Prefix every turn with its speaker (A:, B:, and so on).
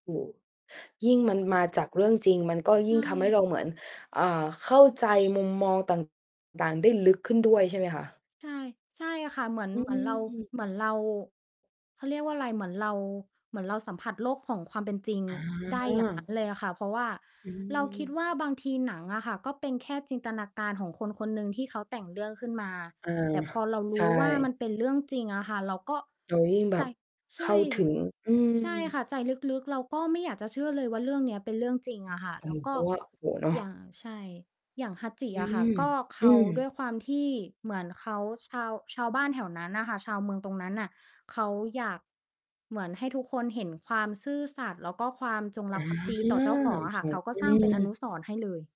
A: โฮ ยิ่งมันมาจากเรื่องจริงมันก็
B: ใช
A: ยิ่งทำให้เรา
B: ่
A: เหมือน อ่า เข้าใจมุมมอง ต่าง ๆ ได้ลึกขึ้นด้วยใช่ไหมคะ?
B: ใช่ ใช่ค่ะ เหมือน
A: อื
B: เหมือนเรา
A: ม
B: เหมือนเรา เขาเรียกว่าอะไร เหมือนเรา เหมือนเราสัมผัสโลกของความเป็นจริง
A: อ
B: ได้อย่าง งั
A: า
B: ้น เลยอะค่ะ เพราะว่า
A: อื
B: เราคิด
A: ม
B: ว่าบางทีหนังอะค่ะ ก็เป็นแค่จินตนาการของคน คนหนึ่งที่เขาแต่งเรื่องขึ้นมา
A: อา
B: แต่พอเราร
A: ใช
B: ู้ว่าม
A: ่
B: ันเป็นเรื่องจริงอะค่ะ เราก็
A: เรายิ่งแบ
B: ใจ
A: บ
B: ใช
A: เข้
B: ่
A: าถ
B: สิ
A: ึง อื
B: ใช่
A: ม
B: ค่ะ ใจลึก ๆ เราก็ไม่อยากจะเชื่อเลยว่า เรื่องนี้เป็นเรื่องจริงอะค่ะ
A: อา
B: แล้
A: ร
B: ว
A: มณ
B: ก
A: ์ แบ
B: ็
A: บว่า โอ้โฮ เนาะ
B: อย่าง ใช่ อย่าง Hachi
A: อื
B: อะค่ะ
A: ม
B: ก็เค
A: อื
B: ้า
A: ม
B: ด้วยความที่เหมือนเขาชาว ชาวบ้านแถวนั้นน่ะค่ะ ชาวเมืองตรงนั้นน่ะ เค้าอยากเหมือนให้ทุกคนเห็นความซื่อสัตย์ แล้วก็ความจง
A: อ
B: ร
A: า
B: ักภักดีต่อเจ้าของอะค
A: ใ
B: ่
A: ช
B: ะ
A: ่
B: เค้าก็
A: อื
B: สร้างเป็นอน
A: ม
B: ุสรณ์ให้เลย